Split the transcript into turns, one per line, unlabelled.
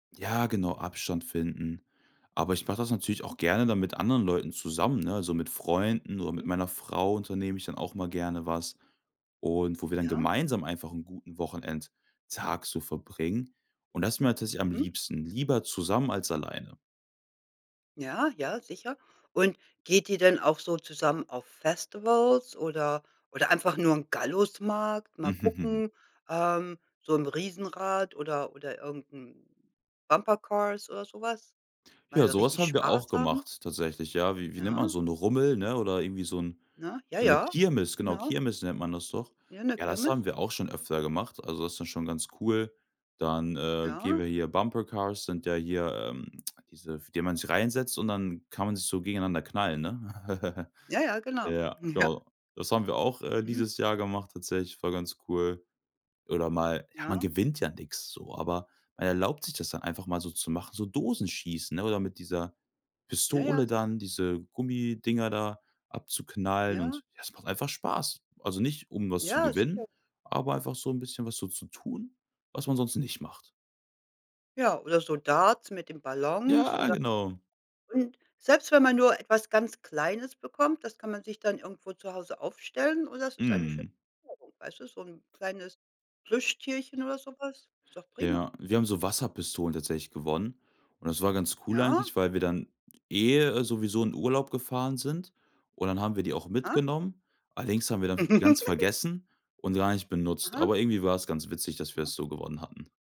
Ja, genau, Abstand finden. Aber ich mache das natürlich
Mhm.
auch gerne dann mit anderen Leuten zusammen, ne? So mit Freunden oder mit
Mhm.
meiner Frau unternehme ich dann auch mal gerne was und wo wir dann
Ja.
gemeinsam einfach 'n guten Wochenendtag so verbringen. Und das ist mir tatsächlich am
Mhm.
liebsten, lieber zusammen als alleine.
Ja. Ja, sicher. Und geht ihr denn auch so zusammen auf Festivals oder oder einfach nur im Gallusmarkt? Mal gucken, ähm, so 'n Riesenrad oder oder irgend 'n Bumper Cars oder so was, mal
Ja,
da
sowas
richtig
haben wir
Spaß
auch
haben?
gemacht tatsächlich. Ja, wie wie nennt man,
Ja.
so 'n Rummel, ne? Oder irgendwie so 'n
Ne?
so 'ne
Jaja,
Kirmes, genau
genau.
Kirmes nennt man das doch.
Ja, 'ne
Ja, das
Kirmes.
haben wir auch schon öfter gemacht. Also, das ist schon ganz cool. Dann, äh, gehen
Ja.
wir hier Bumper Cars, sind ja hier, ähm, diese f in denen man sich reinsetzt und dann kann man sich so gegeneinander knallen, ne?
Jaja, genau.
Ja,
Ja.
genau. Das haben wir auch, äh,
Mhm.
dieses Jahr gemacht tatsächlich, war ganz cool. Oder mal ja, man
Ja.
gewinnt ja nix so, aber man erlaubt sich das dann einfach mal so zu machen, so Dosenschießen, ne? Oder mit dieser Pistole
Jaja, sicher.
dann diese Gummidinger da abzuknallen
Ja.
und ja, es macht einfach Spaß. Also nicht, um was zu
Ja,
gewinnen,
sicher.
aber einfach so 'n bisschen was so zu tun, was man sonst nicht macht.
Ja, oder so Darts mit den Ballons
Ja,
oder
genau.
Und selbst wenn man nur etwas ganz Kleines bekommt, das kann man sich dann irgendwo zu Hause aufstellen und es ist eine schöne
Mhm.
Erinnerung, weißt du, so 'n kleines Plüschtierchen oder so was, ist doch prima.
Ja. Wir haben so Wasserpistolen tatsächlich gewonnen und das war ganz cool
Ja.
eigentlich, weil wir dann, eh, sowieso in Urlaub gefahren sind und dann haben wir die auch
Aha.
mitgenommen. Allerdings haben wir dann ganz vergessen und gar nicht benutzt.
Aha.
Aber irgendwie war es ganz witzig, dass wir
Aha.
das so gewonnen hatten.